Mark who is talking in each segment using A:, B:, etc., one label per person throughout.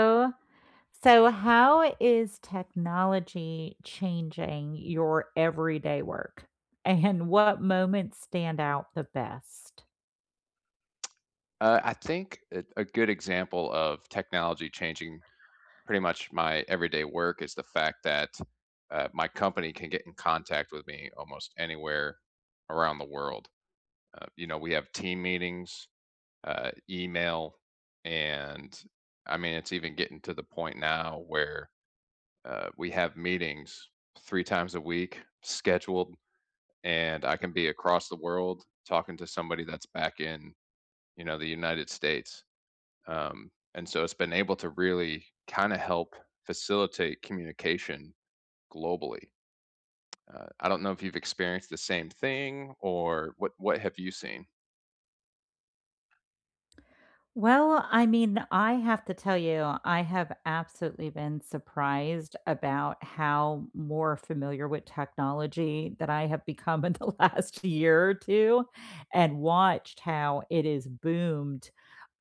A: So, uh So how is technology changing your everyday work? And what moments stand out the best?
B: Uh, I think a a good example of technology changing pretty much my everyday work is the fact that, uh, my company can get in contact with me almost anywhere around the world. Uh, you know, we have team meetings, uh, email, and I mean, it's even getting to the point now where, uh, we have meetings 3 times a week scheduled, and I can be across the world talking to somebody that's back in, you know, t he United States. Um, and so it's been able to really kinda help facilitate communication globally. Uh, I don't know if you've experienced the same thing? Or what what have you seen?
A: Well, I mean, I have to tell you, I have absolutely been surprised about how more familiar with technology that I have become in the last year or 2 and watched how it is boomed,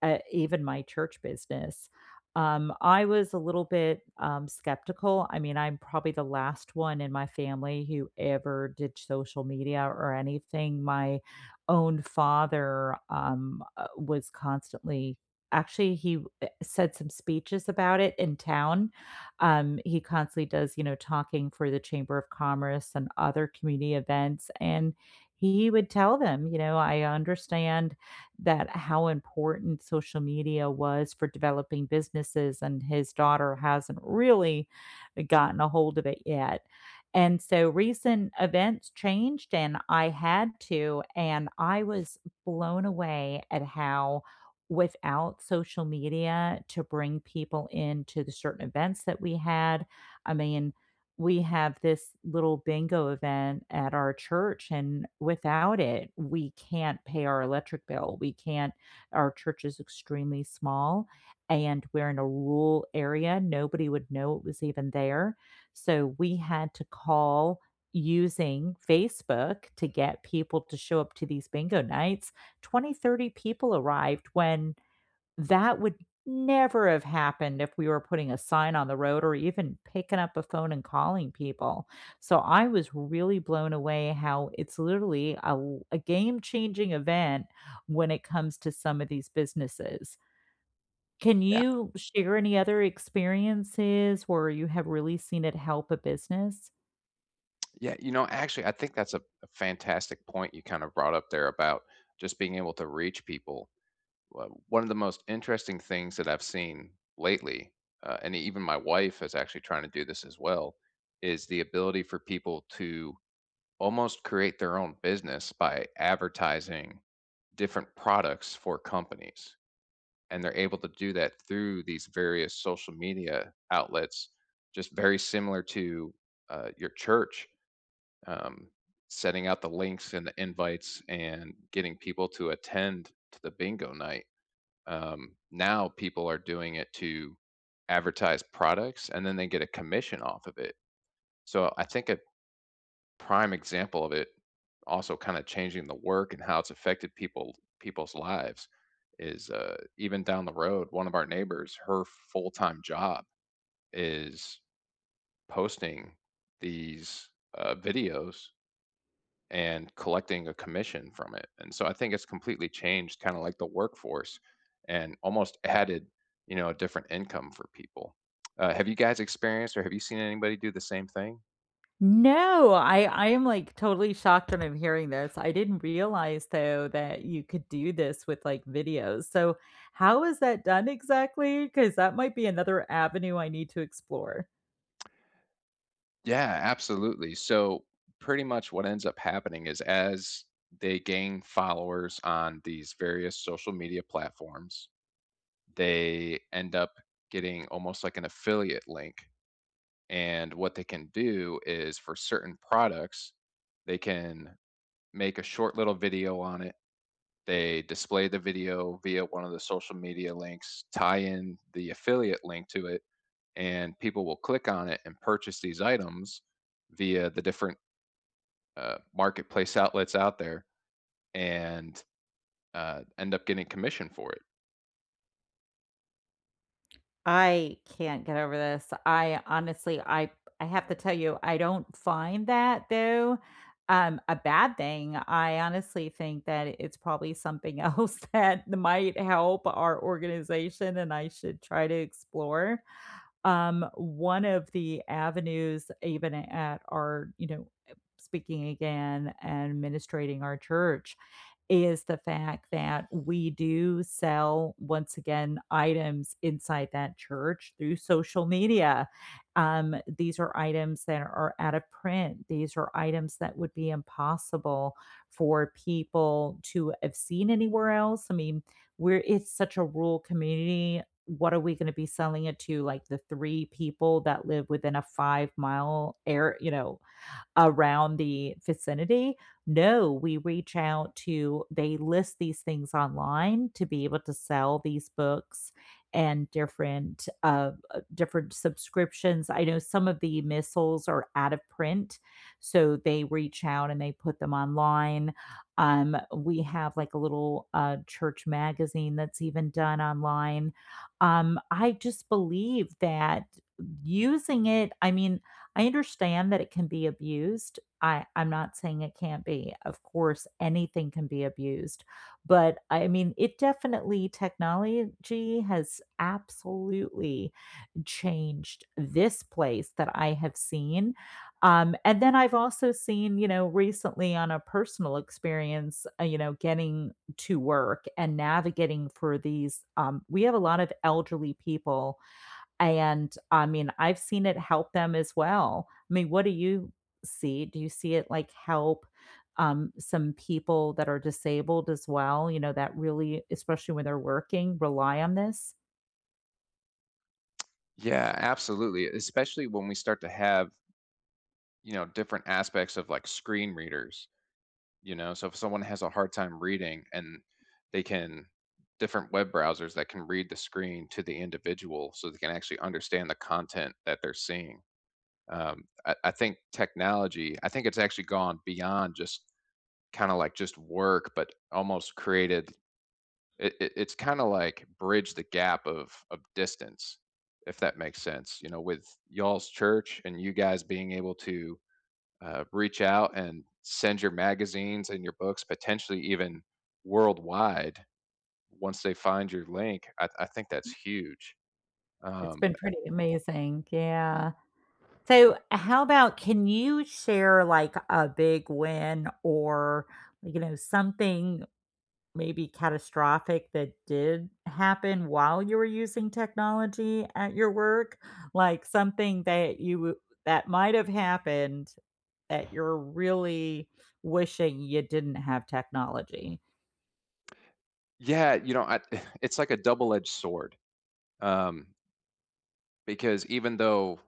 A: uh, even my church business. Um, I was a little bit, um, skeptical, I mean I'm probably the last one in my family who ever did social media or anything, my own father, um, uh, was constantly Actually, he, eh, said some speeches about it in town, um, he constantly does, you know, talking for the Chamber of Commerce and other community events, and he would tell them, you know, "I understand that how important social media was for developing businesses, and his daughter hasn't really gotten ahold of it yet." And so recent events changed and I had to, and I was blown away at how without social media to bring people into the certain events that we had I mean, we have this little bingo event at our church, and without it, we can't pay our electric bill, we can't Our church is extremely small, and we're in a rural area, nobody would know it was even there, so we had to call using Facebook to get people to show up to these bingo nights. 20, 30 people arrived when that would never have happened if we were putting a sign on the road or even picking up a phone and calling people. So, I was really blown away how it's literally a l a game-changing event when it comes to some of these businesses. Can
B: Yeah.
A: you share any other experiences where you have really seen it help a business?
B: Yeah, you know, actually I think that's a a fantastic point you kind of brought up there about just being able to reach people. One one of the most interesting things that I've seen lately, uh, and even my wife is actually trying to do this as well, is the ability for people to almost create their own business by advertising different products for companies, and they're able to do that through these various social media outlets, just very similar to, uh, your church, um, setting out the links and the invites and getting people to attend to the bingo night. Um, now people are doing it to advertise products, and then they get a commission off of it. So I think a prime example of it also kind of changing the work and how it's affected people people's lives is, uh, even down the road, one of our neighbors, her full-time job is posting these, uh, videos and collecting a commission from it, and so I think it's completely changed kinda like the workforce and almost added, you know, a different income for people. Uh, have you guys experienced or have you seen anybody do the same thing?
A: No, I I am, like, totally shocked when I'm hearing this. I didn't realize, though, that you could do this with, like, videos. So how is that done exactly? 'Cause that might be another avenue I need to explore.
B: Yeah, absolutely. So pretty much what ends up happening is as they gain followers on these various social media platforms, they end up getting almost like an affiliate link. And what they can do is for certain products, they can make a short little video on it. They display the video via one of the social media links, tie in the affiliate link to it, and people will click on it and purchase these items via the different, uh, marketplace outlets out there and, uh, end up getting commission for it.
A: I can't get over this. I honestly, I I have to tell you, I don't find that, though, um, a bad thing. I honestly think that it's probably something else that might help our organization and I should try to explore. Um, one of the avenues even at our, you know, uh speaking again and administrating our church, is the fact that we do sell, once again, items inside that church through social media. Um, these are items that are out of print. These are items that would be impossible for people to have seen anywhere else. I mean, we're It's such a rural community. What are we gonna be selling it to? Like, the 3 people that live within a 5 mile ar you know, around the vicinity? No. We reach out to They list these things online to be able to sell these books and different, uh, uh different subscriptions, I know some of the missals are out of print, so they reach out and they put them online. Um, we have, like, a little, uh, church magazine that's even done online. Um, I just believe that using it I mean, I understand that it can be abused. I I'm not saying it can't be. Of course, anything can be abused. But, I mean, it definitely Technology has absolutely changed this place that I have seen. Um, and then I've also seen, you know, recently on a personal experience, uh, you know, getting to work and navigating for these Um, we have a lot of elderly people, and, I mean, I've seen it help them as well. I mean, what do you see? Do you see it, like, help, um, some people that are disabled as well, you know, that really, especially when they're working, rely on this?
B: Yeah, absolutely especially when we start to have you know, different aspects of like screen readers, you know, so, if someone has a hard time reading and they can different web browsers that can read the screen to the individual so they can actually understand the content that they're seeing. Um, I I think technology I think it's actually gone beyond just kinda like just work, but almost created it it it's kinda like bridged the gap of of distance, if that makes sense, you know, with y'all's church and you guys being able to, uh, reach out and send your magazines and your books potentially even worldwide once they find your link, I th I think that's huge.
A: It's
B: Um,
A: been
B: and
A: pretty amazing, yeah. So, how about can you share, like, a big win or, you know, something maybe catastrophic that did happen while you were using technology at your work? Like, something that you w that might have happened that you're really wishing you didn't have technology.
B: Yeah, you know, I it's like a double-edged sword, um because even though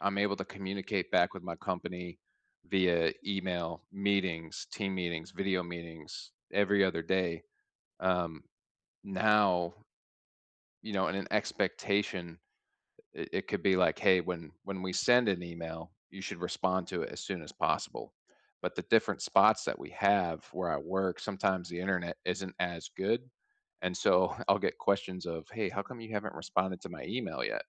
B: I'm able to communicate back with my company via email, meetings, team meetings, video meetings every other day, um, now you know, and an expectation, it it could be like, "Hey, when when we send an email, you should respond to it as soon as possible." But the different spots that we have where I work, sometimes the internet isn't as good, and so I'll get questions of, "Hey, how come you haven't responded to my email yet?"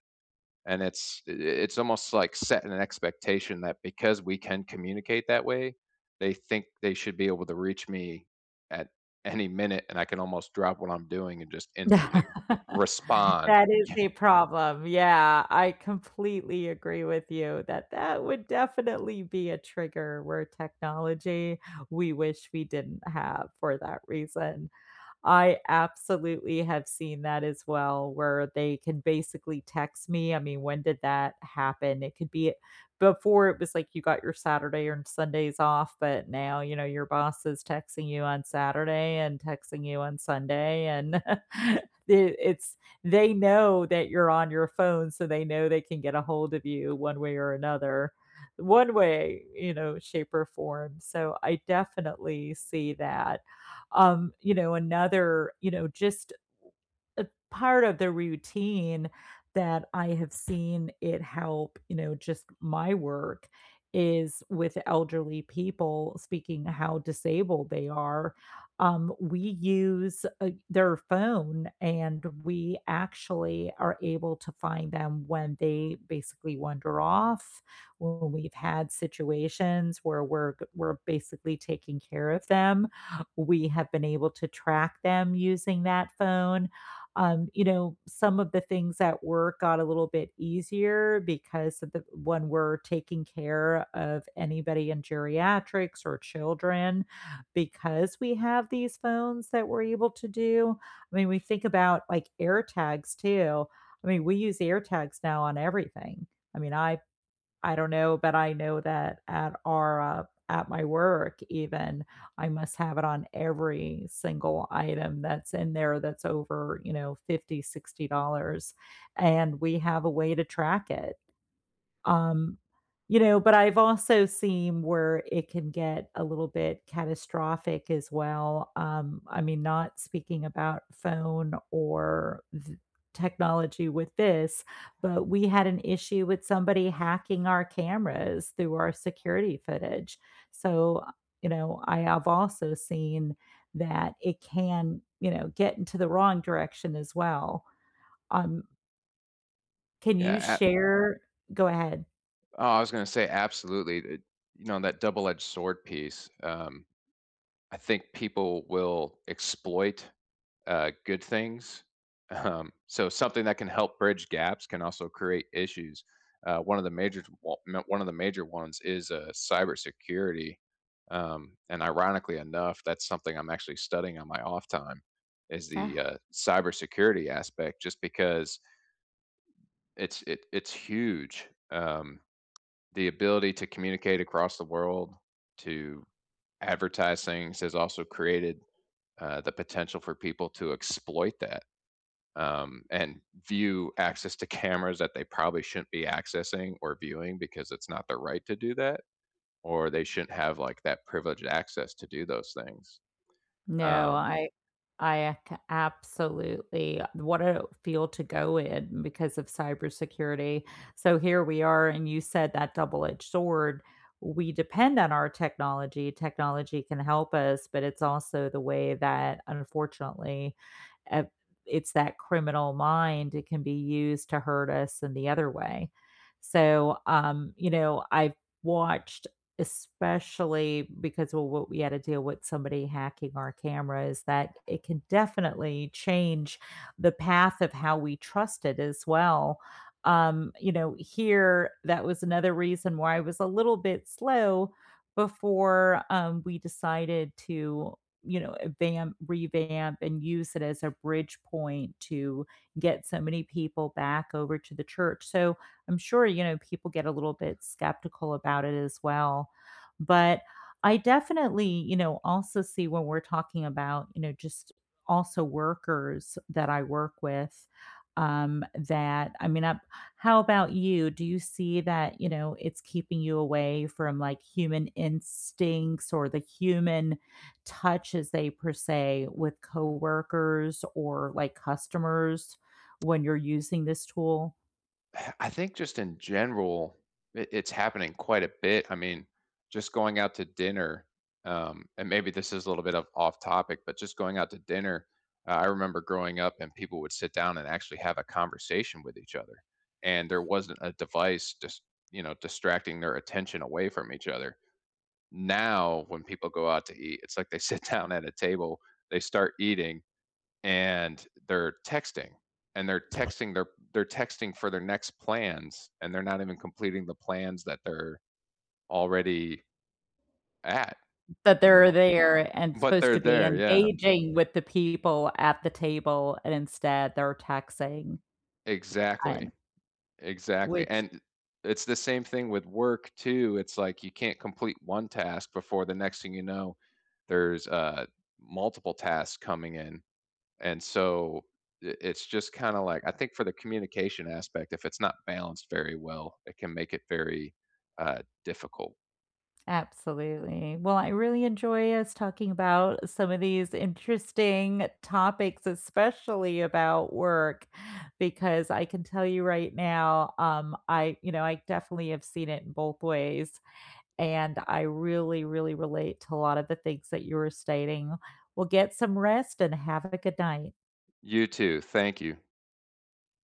B: And it's it it's almost, like, setting an expectation that because we can communicate that way, they think they should be able to reach me at any minute, and I can almost drop what I'm doing and just
A: Th
B: instantly respond
A: that is
B: yeah
A: a problem, yeah, I completely agree with you that that would definitely be a trigger where technology we wish we didn't have for that reason. I absolutely have seen that as well, where they can basically text me, I mean, when did that happen? It could be before, it was like you got your Saturday and Sundays off, but now, you know, your boss is texting you on Saturday and texting you on Sunday, and it it's they know that you're on your phone, so, they know they can get ahold of you one way or another. One way, you know, shape or form, so, I definitely see that, um, you know, another, you know, just w a part of the routine that I have seen it help, you know, just my work is with elderly people, speaking how disabled they are, um, we use, uh, their phone, and we actually are able to find them when they basically wander off. When we've had situations where we're g we're basically taking care of them, we have been able to track them using that phone, um, you know, some of the things at work got a little bit easier because of the when we're taking care of anybody in geriatrics or children, because we have these phones that we're able to do. I mean, we think about, like, AirTags, too. I mean, we use AirTags now on everything. I mean, I I don't know, but, I know that at our, uh, at my work even, I must have it on every single item that's in there that's over, you know, $50, $60, and we have a way to track it, um, you know, but I've also seen where it can get a little bit catastrophic as well, um, I mean, not speaking about phone or th technology with this, but we had an issue with somebody hacking our cameras through our security footage, so, uh, you know, I have also seen that it can, you know, get into the wrong direction as well, um Can you
B: Yeah, a
A: share Go ahead.
B: Oh, I was gonna say absolutely. Uh you know, on that double-edged sword piece, um I think people will exploit, uh, good things. Um, so something that can help bridge gaps can also create issues. Uh, 1 of the majors w m 1 of the major ones is, uh, cybersecurity. Um, and ironically enough, that's something I'm actually studying on my off time is the,
A: Ah.
B: uh, cybersecurity aspect just because it's it it's huge, um. The ability to communicate across the world, to advertisings has also created, uh, the potential for people to exploit that, um, and view access to cameras that they probably shouldn't be accessing or viewing because it's not their right to do that, or they shouldn't have like that privileged access to do those things.
A: No,
B: Um
A: I I, uh, c absolutely. What a field to go in because of cybersecurity. So here we are, and you said that double-edged sword, we depend on our technology. Technology can help us, but it's also the way that unfortunately, uh, it's that criminal mind, it can be used to hurt us in the other way. So, um, you know, I've watched, especially because well what we had to deal with somebody hacking our cameras, that it can definitely change the path of how we trust it as well. Um, you know, here, that was another reason why I was a little bit slow before, um, we decided to, you know, vamp, revamp, and use it as a bridge point to get so many people back over to the church. So I'm sure, you know, people get a little bit skeptical about it as well. But I definitely, you know, also see when we're talking about, you know, just also workers that I work with, um, that I mean, I How about you? Do you see that, you know, it's keeping you away from, like, human instincts or the human touch, as they per se, with coworkers or, like, customers when you're using this tool?
B: I think just in general, it it's happening quite a bit, I mean, just going out to dinner, um, and maybe this is a little bit of off topic, but just going out to dinner, uh, I remember growing up and people would sit down and actually have a conversation with each other, and there wasn't a device just, you know, distracting their attention away from each other. Now, when people go out to eat, it's like they sit down at a table, they start eating, and they're texting and they're texting their they're texting for their next plans, and they're not even completing the plans that they're already at,
A: But
B: you
A: they're
B: know?
A: there and
B: But
A: supposed
B: they're
A: to be
B: there, yeah.
A: engaging with the people at the table, and instead they're texting. And
B: Exactly Exactly.
A: Which
B: And i it's the same thing with work too, it's like you can't complete 1 task before the next thing you know there's, uh, multiple tasks coming in. And so i it's just kinda like, I think for the communication aspect, if it's not balanced very well, it can make it very, uh, difficult.
A: Absolutely. Well, I really enjoy us talking about some of these interesting topics, especially about work, because I can tell you right now, um, I you know, I definitely have seen it in both ways, and I really really relate to a lot of the things that you were stating. Well, get some rest and have a good night.
B: You too, thank you.